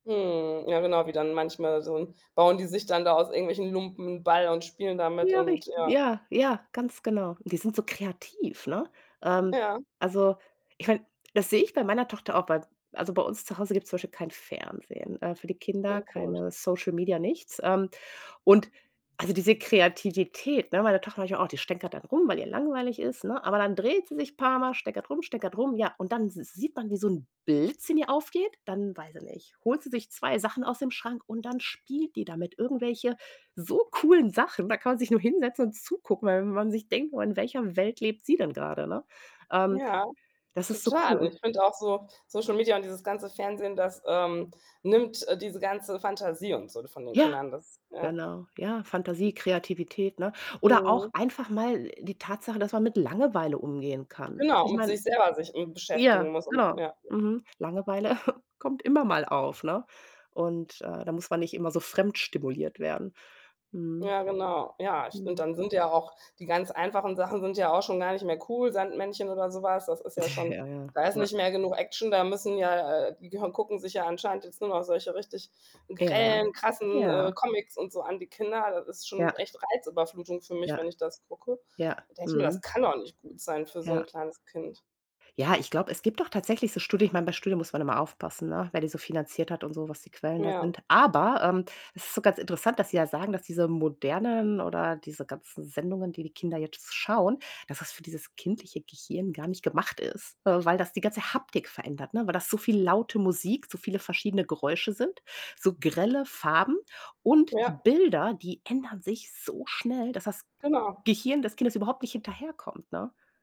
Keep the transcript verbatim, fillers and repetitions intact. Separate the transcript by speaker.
Speaker 1: Mhm, ja genau, wie dann manchmal so bauen die sich dann da aus irgendwelchen Lumpen 'n Ball und spielen damit
Speaker 2: Ja,
Speaker 1: und
Speaker 2: richtig.
Speaker 1: ja.
Speaker 2: Ja, ja, ganz genau. Die sind so kreativ, ne? Ähm,
Speaker 1: Ja.
Speaker 2: also, ich meine, das sehe ich bei meiner Tochter auch, weil also bei uns zu Hause gibt's zum Beispiel kein Fernsehen, äh, für die Kinder
Speaker 1: Schon cool.
Speaker 2: keine Social Media, nichts, ähm, und also, diese Kreativität, ne, meine Tochter manchmal auch die stänkert dann rum, weil ihr langweilig ist, ne, aber dann dreht sie sich paarmal, stänkert rum, stänkert rum, ja und dann s sieht man, wie so 'n Blitz in ihr aufgeht, dann weiß ich nicht, holt sie sich zwei Sachen aus dem Schrank und dann spielt die damit, irgendwelche so coolen Sachen. Da kann man sich nur hinsetzen und zugucken, weil man sich denkt: „Oh, in welcher Welt lebt sie denn grade“, ne? Ähm,
Speaker 1: Ja,
Speaker 2: das ist so cool
Speaker 1: total.
Speaker 2: und
Speaker 1: Ich finde auch so, Social Media und dieses ganze Fernsehen, das, ähm, nimmt, äh, diese ganze Fantasie und so von den
Speaker 2: Ja,
Speaker 1: Kindern, das ja.
Speaker 2: genau, ja, Fantasie, Kreativität, ne? Oder auch
Speaker 1: Mhm.
Speaker 2: einfach mal die Tatsache, dass man mit Langeweile umgehen kann. Also,
Speaker 1: Genau,
Speaker 2: ich
Speaker 1: mit
Speaker 2: meine
Speaker 1: sich selber sich m
Speaker 2: ja,
Speaker 1: beschäftigen muss und
Speaker 2: genau,
Speaker 1: ja.
Speaker 2: mhm. Langeweile kommt immer mal auf, ne? Und, äh, da muss man nicht immer so fremd stimuliert werden. Mhm.
Speaker 1: Ja, genau. Ja, ich finde
Speaker 2: Mhm.
Speaker 1: dann sind ja auch die ganz einfachen Sachen sind ja auch schon gar nicht mehr cool, Sandmännchen oder so was, das ist ja schon
Speaker 2: Ja, ja.
Speaker 1: da ist
Speaker 2: Ja.
Speaker 1: nicht mehr genug Action, da müssen ja, äh, die gehö gucken sich ja anscheinend jetzt nur noch solche richtig
Speaker 2: Ja.
Speaker 1: grellen, krassen, äh,
Speaker 2: Ja.
Speaker 1: Comics und so an, die Kinder, das ist
Speaker 2: Ja.
Speaker 1: schon echt Reizüberflutung für mich,
Speaker 2: Ja.
Speaker 1: wenn ich das gucke. Und
Speaker 2: Ja,
Speaker 1: da denke ich mir,
Speaker 2: mhm.
Speaker 1: das kann doch nicht gut sein für so 'n
Speaker 2: Ja.
Speaker 1: kleines Kind.
Speaker 2: Ja, ich glaube, es gibt doch tatsächlich so Studien ich meine, bei Studien muss man immer aufpassen, ne, wer die so finanziert hat und so, was die Quellen da
Speaker 1: Ja.
Speaker 2: sind, aber, ähm, es ist so ganz interessant, dass sie ja sagen, dass diese modernen oder diese ganzen Sendungen, die die Kinder jetzt schauen, dass das für dieses kindliche Gehirn gar nicht gemacht ist, weil das die ganze Haptik verändert, ne, weil das so viel laute Musik, so viele verschiedene Geräusche sind, so grelle Farben und die
Speaker 1: Ja.
Speaker 2: Bilder, die ändern sich so schnell, dass das
Speaker 1: Genau.
Speaker 2: Gehirn des Kindes überhaupt nicht hinterherkommt, ne?